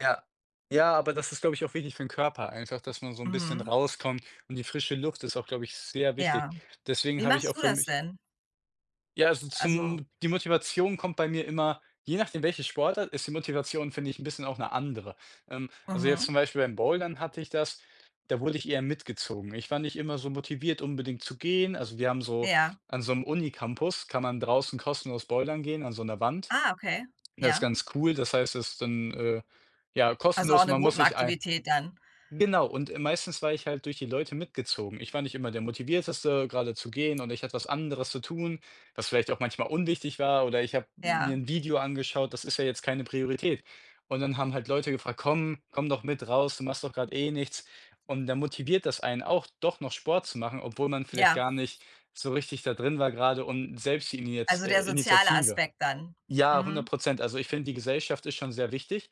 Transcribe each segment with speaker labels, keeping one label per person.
Speaker 1: Ja. Ja, aber das ist, glaube ich, auch wichtig für 'n Körper einfach, dass man so 'n bisschen
Speaker 2: Mhm.
Speaker 1: rauskommt und die frische Luft ist auch, glaube ich, sehr wichtig.
Speaker 2: Ja.
Speaker 1: Deswegen
Speaker 2: Wie
Speaker 1: habe ich
Speaker 2: machst
Speaker 1: auch
Speaker 2: du
Speaker 1: für
Speaker 2: das
Speaker 1: mich
Speaker 2: denn?
Speaker 1: Ja, also,
Speaker 2: Also
Speaker 1: zum die Motivation kommt bei mir immer je nachdem, welche Sportart ist die Motivation, finde ich, 'n bisschen auch 'ne andere. Ähm, also, jetzt
Speaker 2: Mhm.
Speaker 1: zum Beispiel beim Bouldern hatte ich das, da wurde ich eher mitgezogen. Ich war nicht immer so motiviert, unbedingt zu gehen. Also, wir haben so
Speaker 2: Ja.
Speaker 1: an so 'nem Uni-Campus kann man draußen kostenlos bouldern gehen an so 'ner Wand.
Speaker 2: Ah, okay.
Speaker 1: Das
Speaker 2: Ja.
Speaker 1: ganz cool, das heißt, das ist dann, äh, ja,
Speaker 2: Also, auch
Speaker 1: kostenlos.
Speaker 2: 'ne
Speaker 1: Man muss nicht Ein
Speaker 2: Gruppenaktivität dann.
Speaker 1: genau, und, äh, meistens war ich halt durch die Leute mitgezogen. Ich war nicht immer der Motivierteste, gerade zu gehen und ich hatte was anderes zu tun, was vielleicht auch manchmal unwichtig war. Oder ich habe mir
Speaker 2: Ja.
Speaker 1: 'n Video angeschaut, das ist ja jetzt keine Priorität. Und dann haben halt Leute gefragt: „Komm. Komm doch mit raus, du machst doch grade eh nichts.“ Und da motiviert das einen auch, doch noch Sport zu machen, obwohl man vielleicht
Speaker 2: Ja.
Speaker 1: gar nicht so richtig da drin war gerade und selbst die Iniatz
Speaker 2: Also
Speaker 1: äh,
Speaker 2: der soziale
Speaker 1: Initiative
Speaker 2: Aspekt dann.
Speaker 1: ja, hundert
Speaker 2: Mhm.
Speaker 1: Prozent. Also, ich finde, die Gesellschaft ist schon sehr wichtig.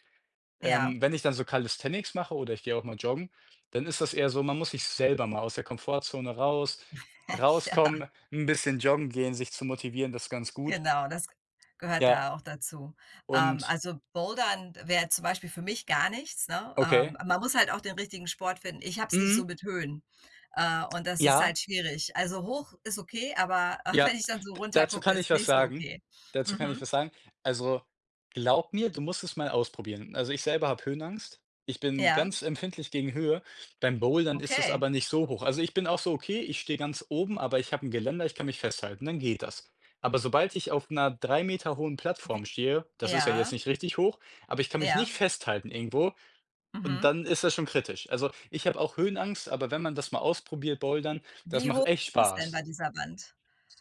Speaker 2: Ja.
Speaker 1: Ähm, wenn ich dann so Calisthenics mache oder ich gehe auch mal joggen, dann ist das eher so, man muss sich selber mal aus der Komfortzone raus
Speaker 2: Ja.
Speaker 1: rauskommen, 'n bisschen joggen gehen, sich zu motivieren, das ganz gut.
Speaker 2: Genau, das g gehört
Speaker 1: Ja.
Speaker 2: da auch dazu. Ähm,
Speaker 1: Und
Speaker 2: also, Bouldern wäre zum Beispiel für mich gar nichts, ne? Ähm,
Speaker 1: Okay.
Speaker 2: man muss halt auch den richtigen Sport finden. Ich habe es nicht so
Speaker 1: Mhm.
Speaker 2: mit Höhen, äh, und das ist
Speaker 1: Ja.
Speaker 2: halt schwierig. Also, hoch ist okay, aber aber
Speaker 1: Ja,
Speaker 2: wenn ich dann so
Speaker 1: d
Speaker 2: runter
Speaker 1: dazu
Speaker 2: gucke,
Speaker 1: kann ich
Speaker 2: ist
Speaker 1: was
Speaker 2: nicht so
Speaker 1: sagen,
Speaker 2: okay.
Speaker 1: dazu kann ich
Speaker 2: Mhm.
Speaker 1: was sagen. Also, glaube mir, du musst es mal ausprobieren. Also, ich selber habe Höhenangst. Ich bin
Speaker 2: Ja.
Speaker 1: ganz empfindlich gegen Höhe. Beim Bouldern ist es
Speaker 2: Okay.
Speaker 1: aber nicht so hoch. Also, ich bin auch so: „Okay, ich stehe ganz oben, aber ich habe 'n Geländer, ich kann mich festhalten“, dann geht das. Aber obald ich auf 'ner 3 Meter hohen Plattform
Speaker 2: Wie
Speaker 1: stehe, das ist ja jetzt
Speaker 2: ja.
Speaker 1: nicht richtig hoch, aber ich kann mich nicht
Speaker 2: Ja.
Speaker 1: festhalten irgendwo und
Speaker 2: Mhm.
Speaker 1: dann ist das schon kritisch. Also, ich habe auch Höhenangst, aber wenn man das mal ausprobiert, Bouldern, das
Speaker 2: Wie hoch
Speaker 1: macht echt
Speaker 2: ist das denn
Speaker 1: Spaß.
Speaker 2: bei dieser Wand?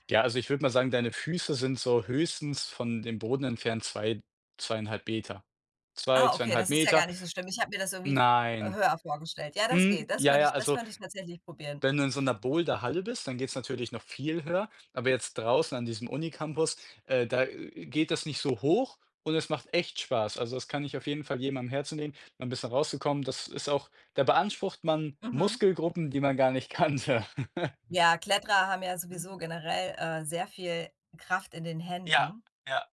Speaker 1: Ja, also, ich würde mal sagen, deine Füße sind so höchstens von dem Boden entfernt 2, 2,5 Meter. 2,
Speaker 2: Ah, okay,
Speaker 1: 2,5
Speaker 2: das ist ja gar
Speaker 1: Meter.
Speaker 2: nicht so schlimm. Ich habe mir das irgendwie v
Speaker 1: Nein.
Speaker 2: höher vorgestellt. Ja, das geht,
Speaker 1: Hm,
Speaker 2: das
Speaker 1: ja,
Speaker 2: könnte
Speaker 1: ja,
Speaker 2: ich das
Speaker 1: also,
Speaker 2: könnte ich tatsächlich probieren.
Speaker 1: wenn du in so 'ner Boulderhalle bist, dann geht's natürlich noch viel höher. Aber jetzt draußen an diesem Uni-Campus, äh, da, äh, geht das nicht so hoch und es macht echt Spaß. Also, das kann ich auf jeden Fall jedem am Herzen legen, mal 'n bisschen rauszukommen. Das ist auch da beansprucht man
Speaker 2: Mhm.
Speaker 1: Muskelgruppen, die man gar nicht kannte.
Speaker 2: Ja, Kletterer haben ja sowieso generell, äh, sehr viel Kraft in den
Speaker 1: Ja,
Speaker 2: Händen.
Speaker 1: ja.